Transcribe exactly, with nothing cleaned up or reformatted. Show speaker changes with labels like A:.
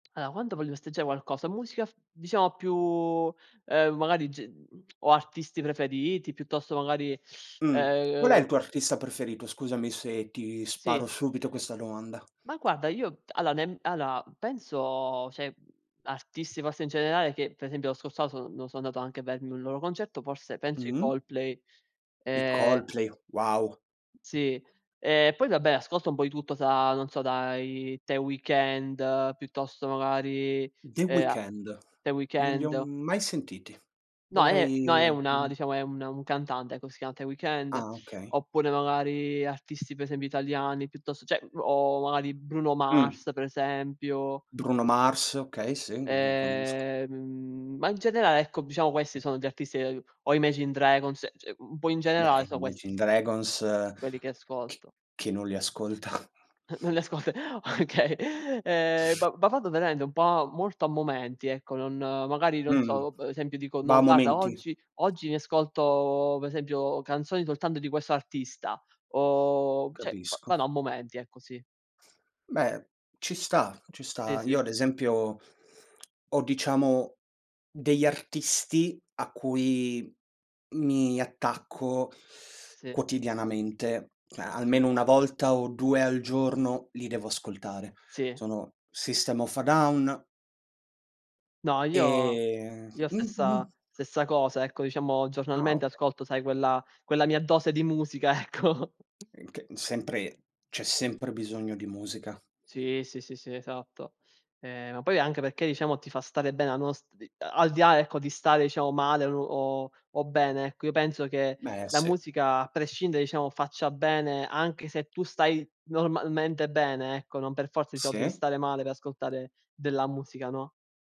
A: aloa, quando voglio festeggiare qualcosa, musica, diciamo, più, ehm, magari, ge mhmm, o artisti preferiti, piuttosto, magari,
B: Mh. Qual è il tuo
A: ehm
B: artista preferito? Scusami se ti
A: Sì.
B: sparo, subito, questa domanda.
A: Ma, guarda, io aloa, nem allora, penso, ceh, artisti, forse, in generale, che, per esempio, lo scorso anno, so sono andato anche a vedermi un loro concerto- forse, penso, i
B: Mh-mh.
A: Coldplay,
B: I
A: ehm
B: Coldplay, wow.
A: Sì. E poi, vabbè, ascolto un po' di tutto da, non so, dai The Weeknd, piuttosto, magari,
B: The
A: eh,
B: Weeknd.
A: The
B: Non li ho
A: Weeknd.
B: mai sentiti.
A: No, è no,
B: Dovrei,
A: è una,
B: uhm
A: diciamo, è un un cantante, ecco. Si chiama The Weeknd.
B: Ah, okay.
A: Oppure, magari, artisti, per esempio, italiani, piuttosto, ceh, o, magari, Bruno
B: Mh.
A: Mars, per esempio
B: Bruno Mars, okay, sì, quello lo conosco.
A: Ehm, ma, in generale, ecco, diciamo, questi sono gli artisti che o Imagine Dragons, ceh, un po', in generale,
B: Beh, gli
A: sono questi
B: Imagine
A: s
B: Dragons,
A: quelli che
B: chi
A: ascolto.
B: chi non li ascolta?
A: Non le ascolt okay. Ehm, va vado, veramente, un po' molto a momenti, ecco. Non, magari, non
B: Mh-mh,
A: so, per esempio, dico:
B: va
A: “No,
B: a
A: guarda,
B: momenti.
A: oggi oggi mi ascolto, per esempio, canzoni soltanto di questo artista”, o, ceh, v
B: Capisco.
A: vado a momenti, ecco, sì.
B: Beh, ci sta, ci
A: Sì,
B: sta. Io,
A: sì.
B: ad esempio, ho, diciamo, degli artisti a cui mi attacco
A: Sì.
B: quotidianamente. A almeno una volta o due al giorno li devo ascoltare.
A: Sì.
B: Sono System of a Down
A: No, io,
B: e
A: io
B: mh
A: stessa
B: mh.
A: stessa cosa, ecco, diciamo,
B: Ah,
A: giornalmente,
B: okay.
A: ascolto sai quella quella mia dose di musica, ecco.
B: In che sempre, c'è sempre bisogno di musica.
A: Sì, sì, sì, sì, esatto. Eh, ma poi anche perché, diciamo, ti fa stare bene, a nos al di là, ecco, di stare, iciamo, male o o bene, ecco, io penso che
B: Beh,
A: la
B: sì.
A: musica, a prescindere, iciamo, faccia bene, anche se tu stai, normalmente, bene, ecco. Non per forza, diciamo, devi
B: Sì.
A: stare male per ascoltare della musica, no.